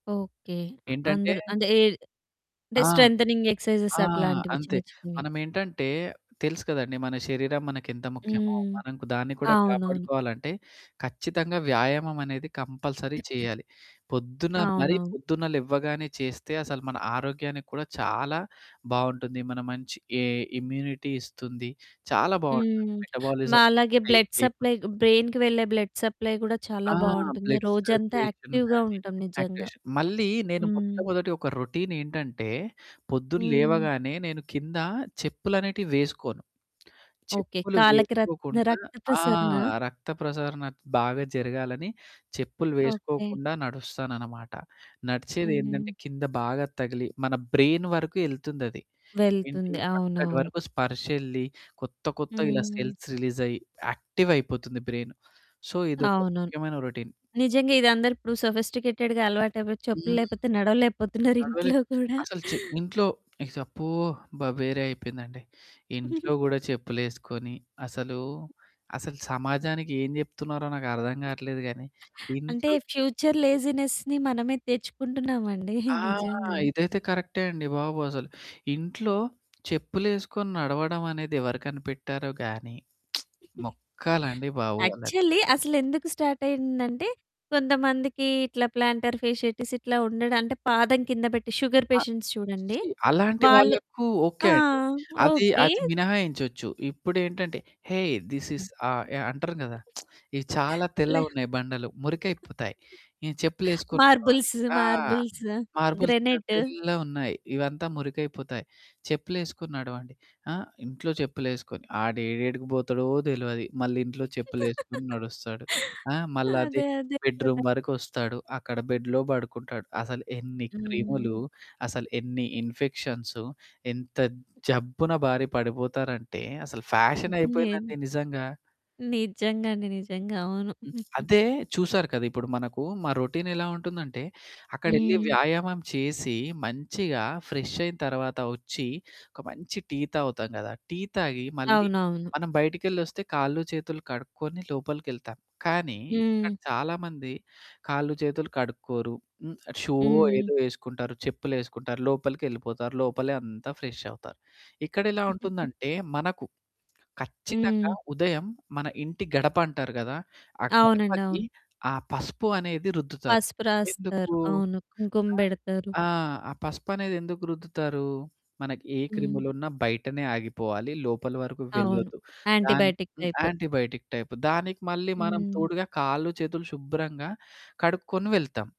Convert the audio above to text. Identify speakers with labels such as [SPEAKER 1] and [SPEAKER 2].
[SPEAKER 1] Okay. అ
[SPEAKER 2] ఏంటంటే
[SPEAKER 1] అందులో అదే అంటే
[SPEAKER 2] ఆ!
[SPEAKER 1] స్ట్రెంతెనింగ్ ఎక్సర్సైజెస్
[SPEAKER 2] ఆ!
[SPEAKER 1] అట్లాంటివి
[SPEAKER 2] అంతే.
[SPEAKER 1] చిన్న చిన్నవి.
[SPEAKER 2] మనమేంటంటే తెలుసు కదండీ. మన శరీరం మనకెంత ముఖ్యమో.
[SPEAKER 1] హ్మ్.
[SPEAKER 2] మనకు దాన్ని కూడా
[SPEAKER 1] అవునవును.
[SPEAKER 2] కాపాడుకోవాలంటే ఖచ్చితంగా వ్యాయామం అనేది కంపల్సరీ చేయాలి. పొద్దున మరీ
[SPEAKER 1] అవునవును.
[SPEAKER 2] పొద్దున్న లెవ్వగానే చేస్తే అసలు మన ఆరోగ్యానికి కూడా చాలా బావుంటుంది. మన మంచి ఏ ఇమ్యూనిటీ ఇస్తుంది చాలా బావుంటుంది
[SPEAKER 1] హ్మ్.
[SPEAKER 2] మెటబాలిజం
[SPEAKER 1] మాలాగే బ్లడ్
[SPEAKER 2] [unintelligible]
[SPEAKER 1] సప్లై బ్రెయిన్‌కి వెళ్ళే బ్లడ్ సప్లై గూడా చాలా
[SPEAKER 2] ఆ!
[SPEAKER 1] బావుంటుంది.
[SPEAKER 2] బ్లడ్
[SPEAKER 1] రోజంతా
[SPEAKER 2] సర్క్యులేషన్
[SPEAKER 1] యాక్టివ్‌‌‌గా
[SPEAKER 2] గాని
[SPEAKER 1] ఉంటాం నిజంగా
[SPEAKER 2] యాక్టివేషన్. మళ్ళీ నేను
[SPEAKER 1] హ్మ్.
[SPEAKER 2] మొట్టమొదటి ఒక రొటీన్ ఏంటంటే పొద్దున
[SPEAKER 1] హ్మ్.
[SPEAKER 2] లేవగానే నేను కింద చెప్పులనేటివి వేసుకోను.
[SPEAKER 1] ఓకే.
[SPEAKER 2] చెప్పులు
[SPEAKER 1] కాళ్ళకి రక్త
[SPEAKER 2] వేసుకోకుండా
[SPEAKER 1] రక్త
[SPEAKER 2] ఆ!
[SPEAKER 1] ప్రసరణ.
[SPEAKER 2] రక్త ప్రసరణ బాగా జరగాలని చెప్పులు
[SPEAKER 1] ఓకే.
[SPEAKER 2] వేసుకోకుండా నడుస్తానన్నమాట.
[SPEAKER 1] హ్మ్.
[SPEAKER 2] నడిచేదేందంటే కింద బాగా తగిలి మన బ్రెయిన్ వరకు యెళ్తుందది. ఏంటి
[SPEAKER 1] వెళ్తుంది.
[SPEAKER 2] అక్కడి
[SPEAKER 1] అవునవును.
[SPEAKER 2] వరకు స్పర్శ ఎళ్ళి కొత్త కొత్త ఇలా
[SPEAKER 1] హ్మ్.
[SPEAKER 2] సెల్స్ రిలీజ్ అయ్యి యాక్టివ్ అయిపోతుంది బ్రెయిన్. సో ఇదొక
[SPEAKER 1] అవును.
[SPEAKER 2] ముఖ్యమైన రొటీన్.
[SPEAKER 1] నిజంగా ఇది అందరూ ఇప్పుడు సోఫిస్టికేటెడ్‌గా అలవాటటైపోయి చెప్పులు
[SPEAKER 2] హ్మ్.
[SPEAKER 1] లేపోతే నడవలేకపోతున్నారు ఇంట్లో
[SPEAKER 2] నడవలేరు.
[SPEAKER 1] కూడా.
[SPEAKER 2] అసలు చె ఇంట్లో అబ్బో! అబ్బ! వేరే అయిపోయిందండి. ఇంట్లో గూడా చెప్పులేసుకొని అసలు, అసలు సమాజానికి ఏం జెప్తున్నారో నాకర్థం గాట్లేదు గానీ
[SPEAKER 1] అంటే
[SPEAKER 2] ఇంట్లో
[SPEAKER 1] ఫ్యూచర్ లేజినెస్‌ని మనమే తెచ్చుకుంటున్నామండి.
[SPEAKER 2] ఆ!
[SPEAKER 1] నిజంగా
[SPEAKER 2] ఇదైతే కరెక్టే అండి బాబు అసలు. ఇంట్లో చెప్పులేసుకొని నడవడం అనేది ఎవరు కనిపెట్టారో గాని మొక్కాలండి బాబు వాళ్ళని.
[SPEAKER 1] యాక్చువల్లీ అసలు ఎందుకు స్టార్ట్ అయిందంటే కొంతమందికి ఇట్లా ప్లాంటర్ ఫేషియాటీస్ ఇట్లా ఉండడం అంటే పాదం కింద పెట్టి షుగర్
[SPEAKER 2] ఆహ్,
[SPEAKER 1] పేషెంట్స్ చూడండి
[SPEAKER 2] షి అలాంటి
[SPEAKER 1] వాళ్ళు
[SPEAKER 2] వాళ్ళకు ఓకే.
[SPEAKER 1] ఆ!
[SPEAKER 2] అండి. అది,
[SPEAKER 1] ఓకే.
[SPEAKER 2] అది మినహాయించొచ్చు. ఇప్పుడేంటంటే హేయ్! దిస్ ఈస్
[SPEAKER 1] హ్మ్.
[SPEAKER 2] ఆహ్, యాహ్! అంటారు గదా! ఇవి చాలా
[SPEAKER 1] లే
[SPEAKER 2] తెల్లవున్నాయి. బండలు మురికైపోతాయి. ఈ చెప్పులేసుకొని బోవాలి.
[SPEAKER 1] మార్బుల్స్,
[SPEAKER 2] ఆ!
[SPEAKER 1] Marbles
[SPEAKER 2] marbles
[SPEAKER 1] granite.
[SPEAKER 2] తెల్లగున్నాయి ఇవంతా మురికైపోతాయి. చెప్పులేసుకొని నడవండి. ఆహ్, ఇంట్లో చెప్పులేసుకొని ఆడేడేడికి పోతాడో తెలవదు మళ్ళీ ఇంట్లో చెప్పులేసుకొని నడుస్తడు. ఆ! మళ్లదే
[SPEAKER 1] అదే. అదే
[SPEAKER 2] బెడ్రూమ్
[SPEAKER 1] కదా!
[SPEAKER 2] వరకు వస్తాడు అక్కడ బెడ్‌లో పడుకుంటాడు. అసలు ఎన్ని క్రిములు?
[SPEAKER 1] హ్మ్.
[SPEAKER 2] అసలు ఎన్ని ఇన్ఫెక్షన్సు? ఎంత జబ్బున బారి పడిపోతారంటే అసలు
[SPEAKER 1] హ్మ్. నేను
[SPEAKER 2] ఫ్యాషనయిపోయిందండి నిజంగా.
[SPEAKER 1] నిజంగా అండి. నిజంగా అవును.
[SPEAKER 2] హ్మ్. అదే చూసారు కదా! ఇప్పుడు మనకు మా రొటీన్ ఎలా ఉంటుందంటే అక్కడెళ్లి
[SPEAKER 1] హ్మ్.
[SPEAKER 2] వ్యాయామం చేసి మంచిగా ఫ్రెష్ అయిన తర్వాత వచ్చి ఒక మంచి టీ తాగుతాం గదా! టీ తాగి మళ్ళీ
[SPEAKER 1] అవునవును.
[SPEAKER 2] మనం బయటికెళ్ళొస్తే కాళ్ళు చేతులు కడుక్కొని లోపలికెళ్తాం కానీ ఇక్కడ
[SPEAKER 1] హ్మ్.
[SPEAKER 2] చాలామంది కాళ్ళు చేతులు కడుక్కోరు హ్మ్. షూవో
[SPEAKER 1] హ్మ్.
[SPEAKER 2] ఏదో యేసుకుంటారు చెప్పులేసుకుంటారు లోపలికి ఎళ్ళిపోతారు లోపలే అంతా ఫ్రెష్షవుతారు. ఇక్కడెలా ఉంటుందంటే మనకు ఖచ్చితంగా
[SPEAKER 1] హ్మ్.
[SPEAKER 2] ఉదయం మన ఇంటి గడపంటారు గదా! ఆ
[SPEAKER 1] అవునండి.
[SPEAKER 2] గడపకి
[SPEAKER 1] అవును.
[SPEAKER 2] ఆ పసుపు అనేది రుద్దుతారు.
[SPEAKER 1] పసుపు రాస్తారు.
[SPEAKER 2] ఎందుకు?
[SPEAKER 1] అవును. కుంకుమ
[SPEAKER 2] ఆ!
[SPEAKER 1] బెడతారు.
[SPEAKER 2] ఆ! ఆ పసుపనేది ఎందుకు రుద్దుతారు? మనకి ఏ
[SPEAKER 1] హ్మ్.
[SPEAKER 2] క్రిములున్నా బయటనే ఆగిపోవాలి లోపల వరకు
[SPEAKER 1] అవును.
[SPEAKER 2] వెళ్ళొద్దు. దానికి
[SPEAKER 1] యాంటిబయోటిక్
[SPEAKER 2] హ్మ్.
[SPEAKER 1] టైపు.
[SPEAKER 2] యాంటిబయోటిక్ టైపు దానికి మళ్ళీ మనం
[SPEAKER 1] హ్మ్.
[SPEAKER 2] తోడుగా కాళ్ళు చేతులు శుభ్రంగా కడుక్కొని వెళ్తాం.